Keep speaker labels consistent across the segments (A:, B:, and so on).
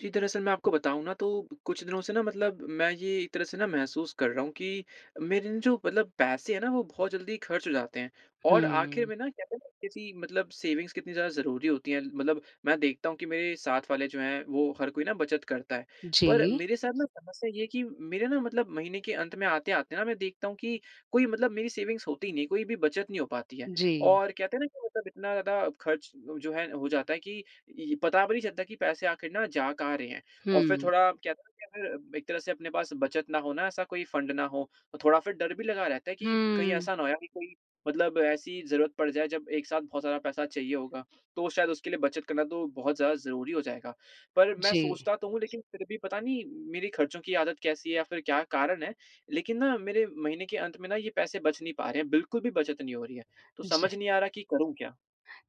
A: जी, दरअसल, मैं आपको बताऊँ ना, तो कुछ दिनों से ना, मतलब मैं ये एक तरह से ना महसूस कर रहा हूँ कि मेरे ना, जो मतलब पैसे हैं ना, वो बहुत जल्दी खर्च हो जाते हैं और आखिर
B: हुँ।
A: में ना, कहते हैं ना, किसी मतलब सेविंग्स कितनी ज़्यादा ज़रूरी होती हैं। मतलब मैं देखता हूँ कि मेरे साथ वाले जो हैं, वो हर कोई ना बचत करता है। पर
B: जी।
A: मेरे साथ ना, समस्या ये है कि मेरे ना, मतलब महीने के अंत में आते-आते ना, मैं देखता हूँ कि कोई मतलब मेरी सेविंग्स होती नहीं है, कोई भी बचत नहीं हो पाती है
B: जी।
A: और कहते हैं ना कि मतलब इतना ज़्यादा खर्च जो है, हो जाता है कि इ पता भी नहीं चलता कि पैसे आखिर ना, जा कहाँ रहे हैं? और फिर
B: हुँ।
A: थोड़ा कहते हैं ना, कि फिर एक तरह से अपने पास बचत ना हो ना, ऐसा कोई फंड ना हो, तो थोड़ा फिर डर भी लगा रहता है कि कहीं
B: हुँ।
A: ऐसा ना हो यार, कि कोई मतलब ऐसी ज़रूरत पड़ जाए, जब एक साथ बहुत ज़्यादा पैसा चाहिए होगा। तो शायद उसके लिए बचत करना तो बहुत ज़्यादा ज़रूरी हो जाएगा। पर मैं
B: जी।
A: सोचता तो हूँ, लेकिन फिर भी पता नहीं, मेरी खर्चों की आदत कैसी है या फिर क्या कारण है, लेकिन ना, मेरे महीने के अंत में ना, ये पैसे बच नहीं पा रहे हैं, बिल्कुल भी बचत नहीं हो रही है। तो
B: जी।
A: समझ नहीं आ रहा कि करूँ क्या?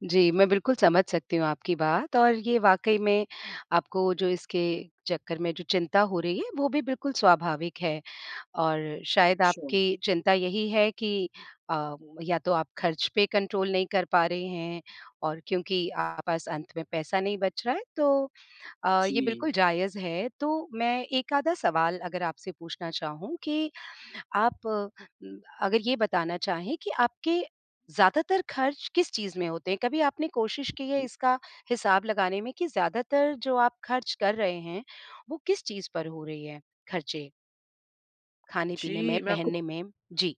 B: जी, मैं बिल्कुल समझ सकती हूँ आपकी बात और ये वाकई में, आपको जो इसके चक्कर में जो चिंता हो रही है, वो भी बिल्कुल स्वाभाविक है और शायद
A: अच्छा।
B: आपकी चिंता यही है कि अ, या तो आप खर्च पे कंट्रोल नहीं कर पा रहे हैं और क्योंकि आपके पास अंत में पैसा नहीं बच रहा है, तो अ, ये बिल्कुल
A: जी।
B: जायज़ है। तो मैं 1 आधा सवाल अगर आपसे पूछना चाहूँ कि आप उम, अगर ये बताना चाहें कि आपके ज़्यादातर खर्च किस चीज़ में होते हैं? कभी आपने कोशिश की है, इसका हिसाब लगाने में कि ज़्यादातर जो आप खर्च कर रहे हैं, वो किस चीज़ पर हो रही है, खर्चे? खाने-पीने में,
A: जी, मैं आपको
B: पहनने में, जी।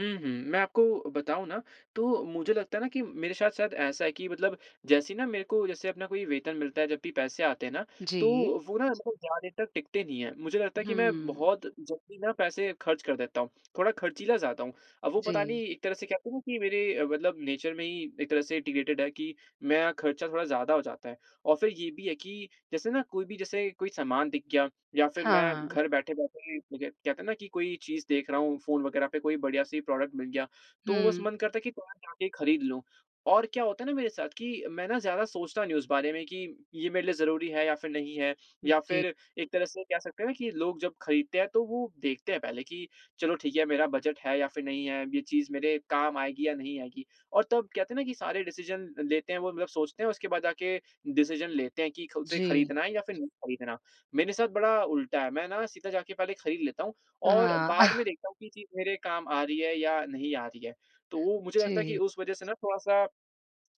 A: हुँ, हुँ। मैं आपको बताऊँ ना, तो मुझे लगता है ना कि मेरे साथ-साथ ऐसा है कि मतलब जैसे ही ना मेरे को, जैसे अपना कोई वेतन मिलता है, जब भी पैसे आते हैं ना, तो
B: जी।
A: वो ना, ऐसा कोई ज़्यादा देर तक टिकते नहीं हैं। मुझे लगता है कि मैं
B: हुँ।
A: बहुत जल्दी ना पैसे खर्च कर देता हूँ, थोड़ा खर्चीला ज़्यादा हूँ। अब वो पता
B: जी।
A: नहीं, एक तरह से कहते हैं ना कि मेरे मतलब नेचर में ही एक तरह से इन्टिग्रेटिड है कि मेरा खर्चा थोड़ा ज़्यादा हो जाता है और फिर ये भी है कि जैसे ना, कोई भी जैसे कोई सामान दिख गया या फिर मैं
B: हाँ।
A: घर बैठे-बैठे बजट कहते हैं ना कि कोई चीज़ देख रहा हूँ, फ़ोन वगैरह पे कोई बढ़िया-सी प्रॉडक्ट मिल गया, तो बस
B: हुँ।
A: मन करता है कि पास जाके खरीद लूँ। और क्या होता है ना मेरे साथ कि मैं ना ज़्यादा सोचता नहीं उस बारे में कि ये मेरे लिए ज़रूरी है या फिर नहीं है या
B: जी।
A: फिर एक तरह से कह सकते हैं ना कि लोग जब खरीदते हैं, तो वो देखते हैं पहले कि, "चलो, ठीक है, मेरा बजट है या फिर नहीं है? अब ये चीज़ मेरे काम आएगी या नहीं आएगी?" और तब कहते हैं ना कि सारे डिसीज़न लेते हैं, वो मतलब सोचते हैं, उसके बाद जाके डिसीज़न लेते हैं कि खुद से
B: जी।
A: खरीदना है या फिर नहीं खरीदना? मेरे साथ बड़ा उल्टा है, मैं ना सीधा जा के पहले खरीद लेता हूँ और
B: हाँ।
A: बाद में देखता हूँ कि ये चीज़ मेरे काम आ रही है या नहीं आ रही है? तो वो मुझे लगता है कि
B: जी।
A: उस वजह से ना, थोड़ा-सा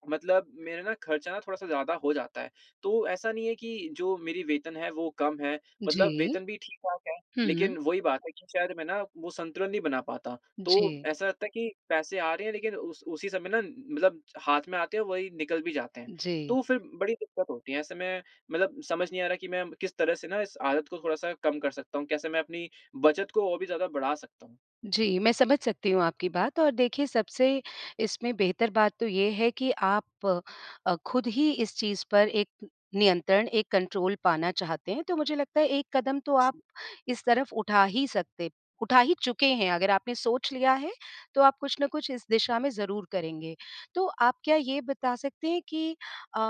A: मतलब मेरा ना खर्चा ना, थोड़ा-सा ज़्यादा हो जाता है। तो ऐसा नहीं है कि जो मेरी वेतन है, वो कम है, मतलब
B: जी।
A: वेतन भी ठीक-ठाक है,
B: हुँ।
A: लेकिन वही बात है कि शायद मैं ना, वो संतुलन नहीं बना पाता, तो
B: जी।
A: ऐसा लगता है कि पैसे आ रहे हैं, लेकिन उस उसी समय ना, मतलब हाथ में आते हैं और वही निकल भी जाते हैं,
B: जी।
A: तो फिर बड़ी दिक्कत होती है। ऐसे में मतलब समझ नहीं आ रहा कि मैं किस तरह से ना, इस आदत को थोड़ा-सा कम कर सकता हूँ? कैसे मैं अपनी बचत को और भी ज़्यादा बढ़ा सकता हूँ?
B: जी, मैं समझ सकती हूँ आपकी बात और देखिए, सबसे इसमें बेहतर बात तो ये है कि आप अ, खुद ही इस चीज़ पर एक नियंत्रण, एक कंट्रोल पाना चाहते हैं, तो मुझे लगता है, एक कदम तो आप
A: जी।
B: इस तरफ उठा ही सकते उठा ही चुके हैं। अगर आपने सोच लिया है, तो आप कुछ ना कुछ इस दिशा में ज़रूर करेंगे। तो आप क्या ये बता सकते हैं कि अ,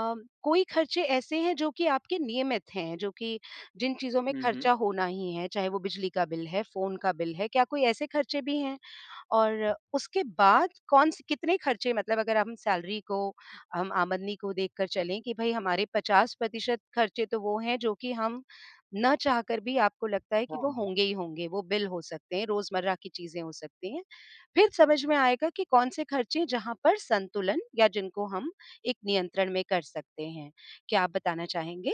B: कोई खर्चे ऐसे हैं, जो कि आपके नियमित हैं, जो कि जिन चीज़ों में
A: हुँ, हुँ।
B: खर्चा होना ही है, चाहे वो बिजली का बिल है, फ़ोन का बिल है? क्या कोई ऐसे खर्चे भी हैं? और उसके बाद कौन स कितने खर्चे मतलब अगर हम सैलरी को, हम आमदनी को देखकर चलें कि भई, हमारे 50% खर्चे तो वो हैं, जो कि हम ना चाहकर भी आपको लगता है कि वो
A: हाँ।
B: होंगे ही होंगे। वो बिल हो सकते हैं, रोज़मर्रा की चीज़ें हो सकती हैं। फिर समझ में आएगा कि कौन से खर्चे हैं, जहाँ पर संतुलन या जिनको हम एक नियंत्रण में कर सकते हैं। क्या आप बताना चाहेंगे?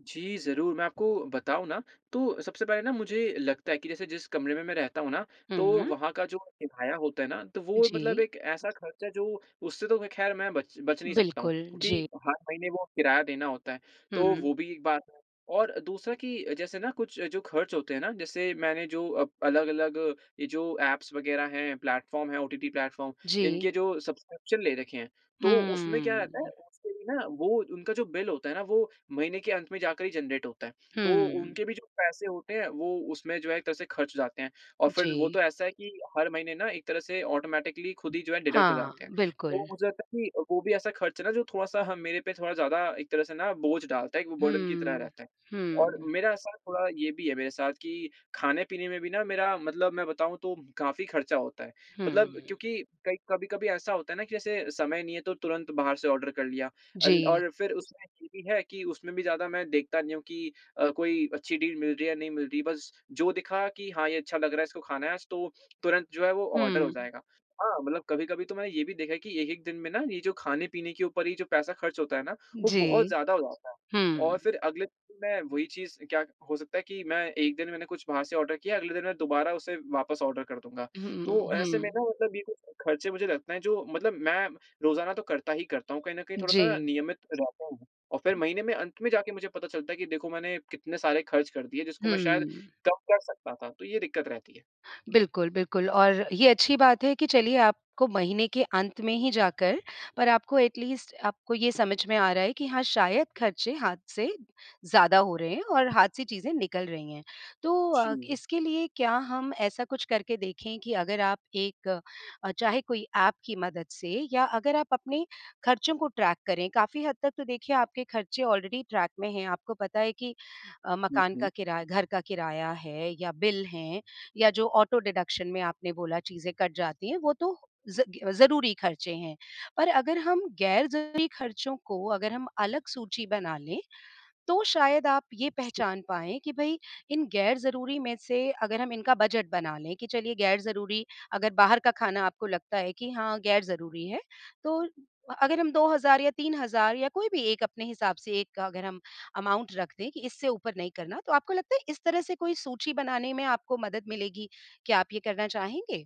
A: जी, ज़रूर, मैं आपको बताऊँ ना, तो सबसे पहले ना, मुझे लगता है कि जैसे, जिस कमरे में मैं रहता हूँ ना, तो
B: हुँ।
A: वहाँ का जो किराया होता है ना, तो वो मतलब
B: जी।
A: एक ऐसा खर्च है, जो उससे तो मैं, ख़ैर, मैं बच बच नहीं सकता हूँ,
B: बिल्कुल,
A: क्योंकि
B: जी।
A: हर महीने वो किराया देना होता है। तो
B: हुँ।
A: वो भी एक बात है और दूसरा कि जैसे ना, कुछ जो खर्च होते हैं ना, जैसे मैंने जो अब अलग-अलग ये जो ऐप्स वगैरह हैं, प्लेटफ़ॉर्म हैं, ओटीटी प्लेटफ़ॉर्म,
B: जी।
A: इनके जो सब्सक्रिप्शन ले रखे हैं, तो उसमें क्या रहता
B: हुँ।
A: है, उसपे भी ना, वो उनका जो बिल होता है ना, वो महीने के अंत में जाकर ही जेनरेट होता है। तो उनके
B: हुँ।
A: भी जो पैसे होते हैं, वो उसमें जो एक तरह से खर्च जाते हैं और फिर वो
B: जी।
A: तो ऐसा है कि हर महीने ना, एक तरह से ऑटोमैटिकली खुद ही जो है, डिडक्ट हो
B: हाँ,
A: जाते हैं।
B: बिल्कुल।
A: तो मुझे लगता है कि वो भी ऐसा खर्च है ना, जो थोड़ा-सा मेरे पे थोड़ा ज़्यादा एक तरह से ना बोझ डालता है, एक वो बर्डन की तरह
B: हुँ।
A: रहता है, और
B: हुँ।
A: मेरा ऐसा थोड़ा ये भी है मेरे साथ कि खाने-पीने में भी ना, मेरा मतलब मैं बताऊँ, तो काफ़ी खर्चा होता है। मतलब
B: हुँ।
A: क्योंकि कई कभी-कभी ऐसा होता है ना कि जैसे समय नहीं है, तो तुरंत बाहर से ऑर्डर कर लिया अल
B: जी।
A: और फिर उसमें ये भी है कि उसमें भी ज़्यादा मैं देखता नहीं हूँ कि अ, कोई अच्छी डील मिल रही है या नहीं मिल रही बस जो दिखा कि, "हाँ, ये अच्छा लग रहा है, इसको खाना है आज।" तो तुरंत जो है, वो ऑर्डर हो
B: हुँ।
A: जाएगा। हाँ, मतलब कभी-कभी तो मैंने ये भी देखा कि एक-एक दिन में ना, ये जो खाने-पीने के ऊपर ये जो पैसा खर्च होता है ना, वो बहुत
B: जी।
A: ज़्यादा हो जाता है और
B: हुँ।
A: फिर अगले दिन मैं वही चीज़ क्या क हो सकता है कि मैं एक दिन मैंने कुछ बाहर से ऑर्डर किया, अगले दिन मैं दोबारा उसे वापस ऑर्डर कर दूँगा।
B: हुँ,
A: तो ऐसे में
B: हुँ।
A: ना, मतलब ये कुछ ख़र्चे, मुझे लगता है, जो मतलब मैं रोज़ाना तो करता ही करता हूँ, कहीं न कहीं थोड़ा-सा ना
B: जी।
A: नियमित रहता हूँ और फिर महीने में अंत में जाके मुझे पता चलता है कि देखो, मैंने कितने सारे खर्च कर दिए, जिसको मैं शायद
B: हुँ।
A: कम कर सकता था। तो ये दिक्कत रहती है।
B: बिल्कुल, बिल्कुल, और ये अच्छी बात है कि चलिए, आपको महीने के अंत में ही जाकर, पर आपको एटलीस्ट आपको ये समझ में आ रहा है कि, "हाँ, शायद खर्चे हाथ से ज़्यादा हो रहे हैं और हाथ से चीज़ें निकल रही हैं।" तो अ,
A: जी।
B: इसके लिए क्या हम ऐसा कुछ करके देखें कि अगर आप एक अ, चाहे कोई ऐप की मदद से या अगर आप अपने खर्चों को ट्रैक करें, काफ़ी हद तक तो देखिए, आपके खर्चे ऑलरेडी ट्रैक में हैं। आपको पता है कि अ,
A: हुँ,
B: मकान का
A: हुँ।
B: किरा घर का किराया है या बिल हैं या जो ऑटो-डिडक्शन में आपने बोला, चीज़ें कट जाती हैं, वो तो ज़ इ ज़रूरी खर्चे हैं। पर अगर हम ग़ैर-ज़रूरी खर्चों को अगर हम अलग सूची बना लें, तो शायद आप ये पहचान पाएँ कि भई, इन ग़ैर-ज़रूरी में से अगर हम इनका बजट बना लें कि चलिए, ग़ैर-ज़रूरी अगर बाहर का खाना आपको लगता है कि हाँ, ग़ैर-ज़रूरी है, तो अ अगर हम 2000 या 3000 या कोई भी एक अपने हिसाब से एक अगर हम अमाउंट रख दें कि इससे ऊपर नहीं करना, तो आपको लगता है, इस तरह से कोई सूची बनाने में आपको मदद मिलेगी? कया आप ये करना चाहेंगे?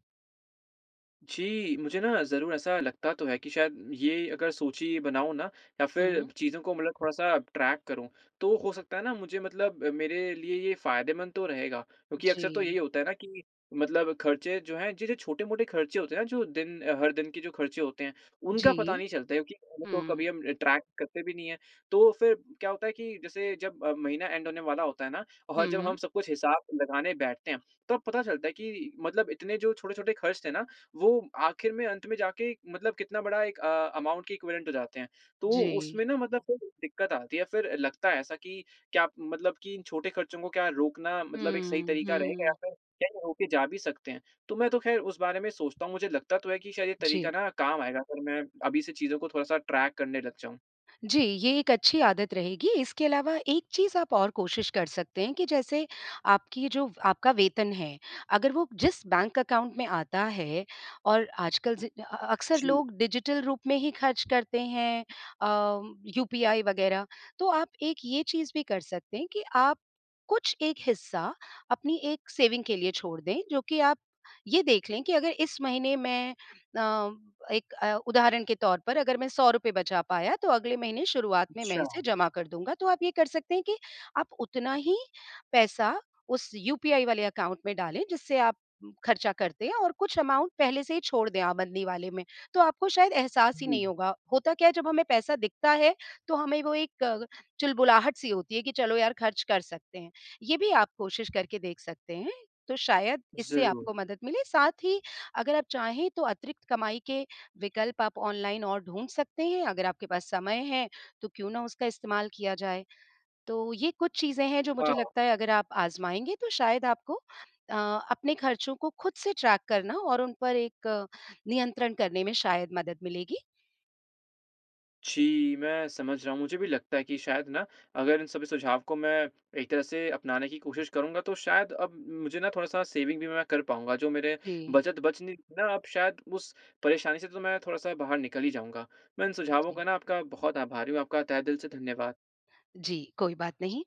A: जी, मुझे ना ज़रूर ऐसा लगता तो है कि शायद, ये अगर सोचिए, ये बनाऊँ ना, या फिर
B: हुँ।
A: चीज़ों को मतलब थोड़ा-सा ट्रैक करूँ, तो हो सकता है ना, मुझे मतलब मेरे लिए ये फ़ायदेमंद तो रहेगा, क्योंकि अक्सर तो यही
B: जी।
A: होता है ना कि मतलब खर्चे जो हैं, जैसे छोटे-मोटे खर्चे होते हैं ना, जो दिन अ, हर दिन के जो खर्चे होते हैं, उनका पता
B: जी।
A: नहीं चलता है, क्योंकि उनको कभी
B: हुँ।
A: हम अ, ट्रैक करते भी नहीं हैं। तो फिर क्या होता है कि जैसे, जब महीना एंड होने वाला होता है ना, और जब हम
B: हुँ।
A: सब कुछ हिसाब लगाने बैठते हैं, तब पता चलता है कि मतलब इतने जो छोटे-छोटे खर्च थे ना, वो आखिर में अंत में जाके मतलब कितना बड़ा एक अ, अमाउंट की इक्विवेलेंट हो जाते हैं। तो
B: जी।
A: उसमें ना, मतलब थोड़ी दिक्कत आती है, फिर लगता है ऐसा कि, "क्या मतलब कि इन छोटे खर्चों को क्या रोकना मतलब एक सही
B: हुँ,
A: तरीका रहेगा या
B: हुँ।
A: फिर, क्या ये रोके जा भी सकते हैं?" तो मैं तो ख़ैर उसे बारे में सोचता हूँ, मुझे लगता तो है कि शायद ये तरीका
B: जी।
A: ना काम आएगा, फिर मैं अभी से चीज़ों को थोड़ा-सा ट्रैक करने लग जाऊँ।
B: जी, ये एक अच्छी आदत रहेगी, इसके अलावा एक चीज़ आप और कोशिश कर सकते हैं कि जैसे आपकी ये जो आपका वेतन है, अगर वो जिस बैंक अकाउंट में आता है और आजकल ज़ि अ अ अ, अक्सर
A: जी।
B: लोग डिजिटल रूप में ही खर्च करते हैं अ, यूपीआई वगैरह, तो आप एक ये चीज़ भी कर सकते हैं कि आप कुछ एक हिस्सा, अपनी एक सेविंग के लिए छोड़ दें, जो कि आप ये देख लें कि, "अगर इस महीने मैं अ, एक अ, उदाहरण के तौर पर अगर मैं ₹100 बचा पाया, तो अगले महीने शुरुआत में मैं
A: अच्छा।
B: इसे जमा कर दूँगा।" तो आप ये कर सकते हैं कि आप उतना ही पैसा उस यूपीआई वाले अकाउंट में डालें, जिससे आप खर्चा करते हैं और कुछ अकाउंट पहले से ही छोड़ दें आप बंदी वाले में। तो आपको शायद एहसास ही नहीं
A: हुँ।
B: होगा। होता क्या है, जब हमें पैसा दिखता है, तो हमें वो एक कग चुलबुलाहट-सी होती है कि, "चलो यार, खर्च कर सकते हैं।" ये भी आप कोशिश करके देख सकते हैं। तो शायद इससे
A: ज़रूर।
B: आपको मदद मिले। साथ ही अगर आप चाहें, तो अतिरिक्त कमाई के विकल्प आप ऑनलाइन और ढूँढ सकते हैं। अगर आपके पास समय है, तो क्यों ना उसका इस्तेमाल किया जाए। तो ये कुछ चीज़ें हैं, जो मुझे
A: हाँ।
B: लगता है, अगर आप आज़माएँगे, तो शायद आपको अ, अपने खर्चों को खुद से ट्रैक करना और उन पर एक नियंत्रण करने में शायद मदद मिलेगी।
A: जी, मैं समझ रहा हूँ। मुझे भी लगता है कि शायद ना, अगर इन सभी सुझाव को मैं एक तरह से अपनाने की कोशिश करूँगा, तो शायद अब मुझे ना, थोड़ा-सा सेविंग भी मैं कर पाऊँगा, जो मेरे
B: जी।
A: बचत बच नहीं रही थी ना, अब शायद उस परेशानी से तो मैं थोड़ा-सा बाहर निकल ही जाऊँगा। मैं इन सुझावों
B: जी।
A: का ना आपका बहुत आभारी हूँ, आपका तहे दिल से धन्यवाद।
B: जी, कोई बात नहीं।